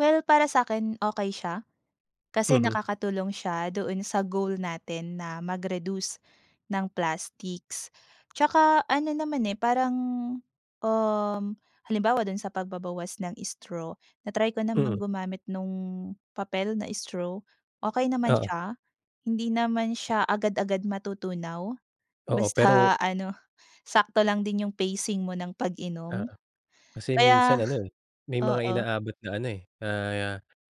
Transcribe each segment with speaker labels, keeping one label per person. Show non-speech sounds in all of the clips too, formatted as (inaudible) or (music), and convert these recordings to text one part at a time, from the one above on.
Speaker 1: Well para sa'kin, okey siya. Kasi
Speaker 2: Mhm.
Speaker 1: nakakatulong siya doon sa goal natin na mag-reduce ng plastics. 'Tsaka ano naman eh, parang, um, halimbawa do'n sa pagbabawas ng straw na-try ko namang
Speaker 2: Mm.
Speaker 1: gumamit nung papel na straw okey naman
Speaker 2: Oo.
Speaker 1: siya. Hindi naman siya agad-agad matutunaw,
Speaker 2: Oo, pero.
Speaker 1: Basta ano, sakto lang din 'yong pacing mo ng pag-inom.
Speaker 2: Oo,
Speaker 1: (gasps)
Speaker 2: kasi
Speaker 1: Kaya
Speaker 2: minsan ano, may mga
Speaker 1: oo.
Speaker 2: inaabot na ano eh, na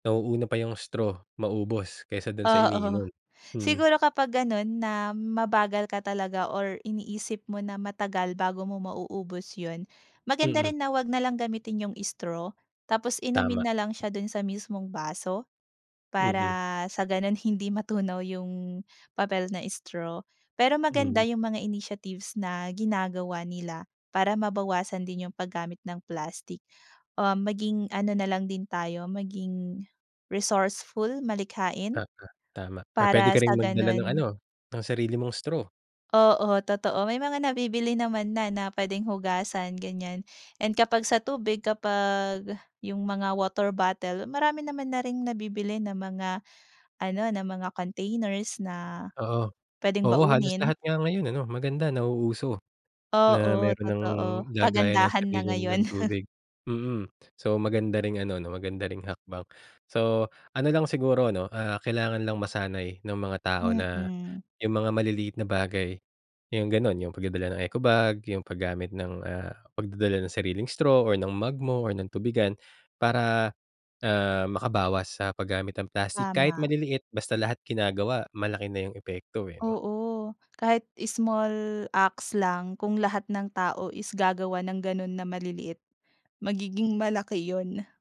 Speaker 2: nauuna pa 'yong straw maubos kaysa doon sa
Speaker 1: Oo,
Speaker 2: iniinom. Mhm.
Speaker 1: siguro kapag gano'n na mabagal ka talaga or iniisip mo na matagal bago mo mauubos 'yon. Maganda
Speaker 2: Mm.
Speaker 1: rin na huwag nalang gamitin 'yung straw tapos
Speaker 2: Tama.
Speaker 1: inumin na lang siya doon sa mismong baso. Para
Speaker 2: Mhm.
Speaker 1: sa ganoon hindi matunaw yung papel na straw. Pero maganda
Speaker 2: Mhm.
Speaker 1: yung mga initiatives na ginagawa nila para mabawasan din yung paggamit ng plastic. Um, maging ano na lang din tayo, maging resourceful, malikhain.
Speaker 2: Tama. Tama or pwede
Speaker 1: Para
Speaker 2: ka
Speaker 1: sa
Speaker 2: ring magdala ng ano,
Speaker 1: gano'n
Speaker 2: ng sarili mong straw.
Speaker 1: Oo, totoo. May mga nabibili naman na, na puwedeng hugasan, ganyan. And kapag sa tubig kapag 'yung mga water bottle marami naman na ring nabibili na mga ano (gasps) na mga containers na
Speaker 2: Oo.
Speaker 1: pwedeng
Speaker 2: Oo, halos
Speaker 1: baunin.
Speaker 2: lahat nga ngayon, ano, maganda nauuso. Na
Speaker 1: Oo,
Speaker 2: meron nang
Speaker 1: totoo.
Speaker 2: lagayan ng
Speaker 1: Pagandahan na
Speaker 2: sarili
Speaker 1: ngayon.
Speaker 2: nilang
Speaker 1: (chuckles)
Speaker 2: tubig, mm. So, maganda ring ano, 'no, maganda ring hakbang. So ano lang siguro, ano, ah, kailangan lang masanay ng mga tao na
Speaker 1: Mhm.
Speaker 2: 'yong mga maliliit na bagay, 'yong gano'n, 'yong pagdadala ng ecobag 'yung paggamit ng, ah, pagdadala ng sariling straw or ng mug mo or ng tubigan. Para, ah, makabawas sa paggamit ng plastic kahit
Speaker 1: Tama.
Speaker 2: maliliit basta lahat ginagawa, malaki na 'yung epekto, eh, 'no?
Speaker 1: Oo, kahit small acts lang. Kung lahat ng tao is gagawa ng ganun na maliliit, magiging malaki 'yon.